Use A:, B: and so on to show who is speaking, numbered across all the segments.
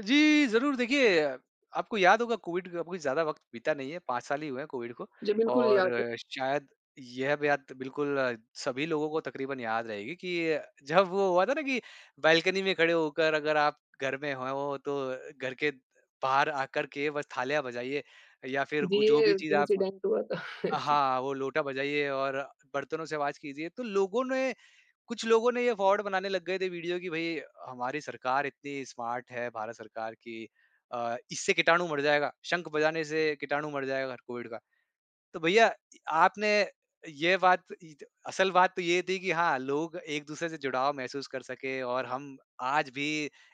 A: जी, ज़रूर देखिए, आपको याद होगा कोविड का कोई ज़्यादा वक़्त बीता नहीं है, 5 साल ही हुए हैं कोविड को।
B: जी, बिल्कुल याद
A: और
B: है।
A: शायद यह बात बिल्कुल सभी लोगों को तकरीबन याद रहेगी कि ये जब वो हुआ था ना कि, बालकनी में खड़े होकर अगर आप घर में हो, तो घर के बाहर आकर के बस थालियाँ बजाइए या फिर
B: जी,
A: उ जो
B: ये
A: भी चीज आप
B: इंसिडेंट हुआ था। जी।
A: हाँ, वो लोटा बजाइए और बर्तनों से आवाज कीजिए। तो लोगों ने कुछ लोगों ने ये फ्रॉड बनाने लग गए थे, वीडियो कि भाई हमारी सरकार इतनी स्मार्ट है भारत सरकार कि अ, इससे कीटाणु मर जाएगा, शंख बजाने से कीटाणु मर जाए अगर कोविड का। तो भैईया इ आपने ये बात इ असल बात तो ये थी कि हाँ, लोग एक-दूसरे से जुड़ाव महसूस कर सके और हम आज भी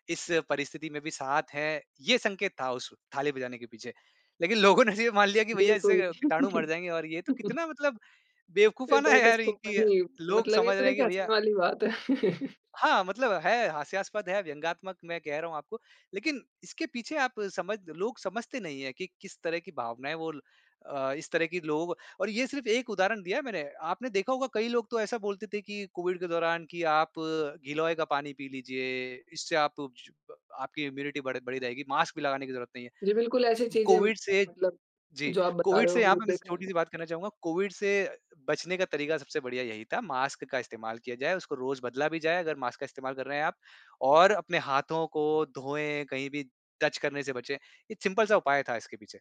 A: इस परिस्थिति में भी साथ हैं, ये संकेत था उस थाली बजाने के पीछे, लेकिन लोगों ने ये मान लिया कि भैईया इससे
B: बिल्कुल।
A: कीटाणु मर जाएँगे और ये तो कितना मतलब
B: अ,
A: बेवकूफ़ाना हैं
B: दैट इज़
A: यार
B: सो
A: कि
B: फ़नी
A: लोग
B: मतलब ये
A: समझ
B: तो
A: रहे हैं कि
B: देखिए हँसने
A: भैईया
B: वाली बात है।
A: हाँ, मतलब है हास्यास्पद है, व्यंगात्मक मैं कह रहा हूँ आपको। लेकिन इसके पीछे आप समझ लोग समझते नहीं हैं कि किस तरह की भावनाएँ वो ल अ, इस तरह कि लोग और ये सिर्फ एक उदाहरण दिया है मैंने, आपने देखा होगा कई लोग तो ऐसा बोलते थे कि कोविड के दौरान कि आप गिलोए का पानी पी लीजिए, इससे आप सु आपकी इम्यूनिटी बढ़ बढ़ी रहेगी, मास्क भी लगाने की जरूरत नहीं है।
B: जी, बिल्कुल ऐसी चीज़े
A: कोविड से
B: मतलब
A: जी,
B: जो आप बता
A: कोविड
B: रहे हो
A: से यहाँ
B: वो
A: पे मैं छोटी
B: देखा।
A: सी बात करना चाहूँगा, कोविड से बचने का तरीका सबसे बढ़िया यही था, मास्क का इस्तेमाल किया जाए, उसको रोज बदला भी जाए अगर मास्क का इस्तेमाल कर रहे हैं आप। और अपने हाथों को धोएँ, कहीं भी टच करने से बचें, ये सिंपल सा उपाय था इसके पीछे।